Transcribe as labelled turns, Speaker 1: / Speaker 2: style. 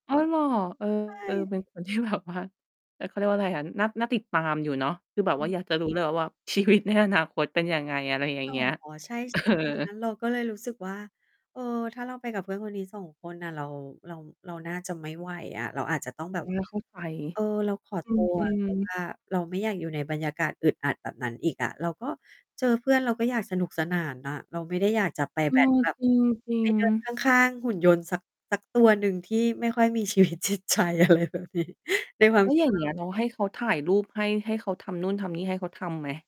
Speaker 1: อ๋อ เหรอ? เออ
Speaker 2: ใช่
Speaker 1: เป็นคนที่ แบบว่า เออ เขาเรียกว่าไรอะ น่า น่าติดตามอยู่เนาะ คือแบบว่าอยากจะรู้ เลยว่า ชีวิตในอนาคตเป็นยังไง? อะไรอย่าง
Speaker 2: อ๋อ
Speaker 1: เงี้ย
Speaker 2: ใช่ ใช่
Speaker 1: เอ
Speaker 2: ไหม?
Speaker 1: อ
Speaker 2: เราก็เลยรู้สึกว่า เออ ถ้าเราไปกับเพื่อนคนนี้ 2 คนน่ะ เรา เรา เราน่าจะไม่ไหวอะ เราอาจจะต้องแบ
Speaker 1: เอ
Speaker 2: บ
Speaker 1: อ เข้าใจ
Speaker 2: เออ เราขอ
Speaker 1: อ
Speaker 2: ตัว
Speaker 1: ื
Speaker 2: เ
Speaker 1: ม
Speaker 2: พราะ
Speaker 1: ๆ
Speaker 2: ว่า เราไม่อยากอยู่ในบรรยากาศอึดอัดแบบนั้นอีกอะ เราก็ เจอเพื่อนเราก็อยากสนุกสนานน่ะ เราไม่ได้อยากจะไป
Speaker 1: เอ
Speaker 2: แบ้ด
Speaker 1: อ
Speaker 2: แบบ
Speaker 1: จริ
Speaker 2: ไป
Speaker 1: ง
Speaker 2: เดิน
Speaker 1: ๆ
Speaker 2: ข้าง ข้างหุ่นยนต์สัก สักตัวหนึ่งที่ไม่ค่อยมี ชีวิตจิตใจ อะไรแบบนี้ ในควา
Speaker 1: แ
Speaker 2: ม
Speaker 1: ล้ว
Speaker 2: คิ
Speaker 1: อย
Speaker 2: ด
Speaker 1: ่าง
Speaker 2: เร
Speaker 1: เงี
Speaker 2: า
Speaker 1: ้ย น้องให้เขาถ่ายรูปให้ ให้เขาทำนู่นทำนี่ให้ เขาทำไหม?